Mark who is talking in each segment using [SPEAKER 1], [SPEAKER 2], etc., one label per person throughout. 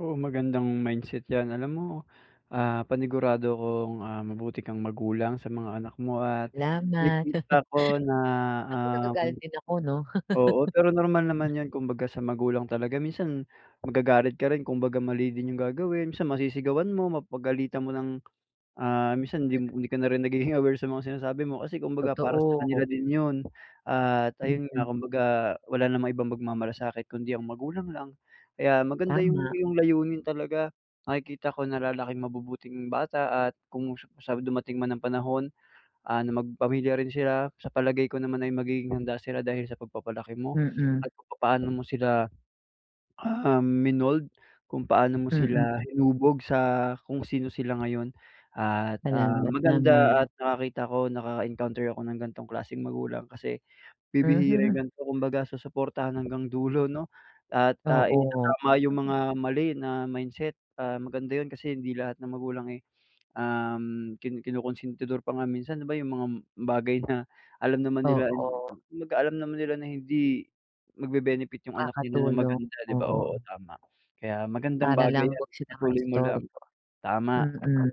[SPEAKER 1] Oo, magandang mindset 'yan. Alam mo, ah, panigurado akong, ah, mabuti kang magulang sa mga anak mo at
[SPEAKER 2] 'Lamat.
[SPEAKER 1] nakikita ko na,
[SPEAKER 2] Naku,
[SPEAKER 1] um
[SPEAKER 2] nagagalit din ako 'no.
[SPEAKER 1] oo, pero normal naman 'yon kumbaga sa magulang talaga. Minsan magagalit ka rin. Kumbaga, mali din yung gagawin. Minsan masisigawan mo, mapagalitan mo ng, ah, minsan hindi hindi ka na rin nagiging aware sa mga sinasabi mo kasi kumbaga para sa
[SPEAKER 2] Totoo.
[SPEAKER 1] kanila din yun. At ayun nga
[SPEAKER 2] Mm.
[SPEAKER 1] kumbaga, wala namang ibang magmamalasakit kundi ang magulang lang kaya maganda yung
[SPEAKER 2] Tama.
[SPEAKER 1] iyong layunin talaga. Nakikita ko na lalaking mabubuting bata at kung sa dumating man ang panahon ano magpamilya rin sila, sa palagay ko naman ay magiging handa sila dahil sa pagpapalaki mo
[SPEAKER 2] Mm.
[SPEAKER 1] at papaano mo sila, ah, minold, kung paano mo
[SPEAKER 2] Mm.
[SPEAKER 1] sila hinubog sa kung sino sila ngayon. At, ah,
[SPEAKER 2] Salamat
[SPEAKER 1] maganda
[SPEAKER 2] naman.
[SPEAKER 1] at nakakita ko, naka-encounter ako ng ganitong klaseng magulang kasi bibihira yung
[SPEAKER 2] Mhm.
[SPEAKER 1] ganito. Kumbaga, susuportahan hanggang dulo 'no at, ah,
[SPEAKER 2] Oo.
[SPEAKER 1] itatama yung mga mali na mindset. Ah, maganda yun kasi hindi lahat ng magulang, eh, um, kin kinukunsintidor pa nga minsan, di ba, yung mga bagay na alam naman nila
[SPEAKER 2] Oo.
[SPEAKER 1] kumbaga alam naman nila na hindi magbe-benefit yung anak nila ng
[SPEAKER 2] Nakakatulong,
[SPEAKER 1] maganda, di ba oo,
[SPEAKER 2] oo.
[SPEAKER 1] tama. Kaya magandang
[SPEAKER 2] Para
[SPEAKER 1] bagay
[SPEAKER 2] lang
[SPEAKER 1] 'yan,
[SPEAKER 2] huwag sila
[SPEAKER 1] ipatuloy mo lang,
[SPEAKER 2] maistorbo
[SPEAKER 1] tama.
[SPEAKER 2] mm.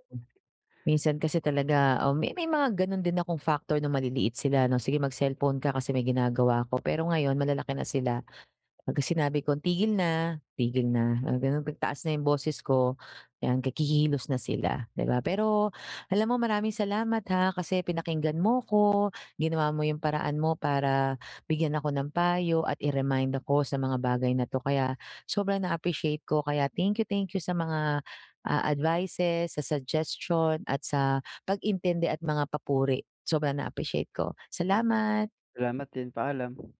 [SPEAKER 2] Minsan kasi talaga oo, may may mga gano'n din akong factor nong maliliit sila 'no, "Sige mag-cellphone ka kasi may ginagawa ako." Pero ngayon, malalaki na sila, pagka sinabi kong, "Tigil na." Tigil na. Mga ganun, 'pag taas na 'yong boses ko, 'yan kikilos na sila, 'di ba. Pero alam mo maraming salamat ha, kasi pinakiinggan mo ko, ginawa mo yung paraan mo para bigyan ako ng payo at i-remind ako sa mga bagay na 'to. Kaya sobrang na-appreciate ko. Kaya thank you, thank you sa mga, ah, advices, sa suggestion at sa pag-intindi at mga papuri. Sobrang na-appreciate ko. Salamat.
[SPEAKER 1] Salamat din, paalam.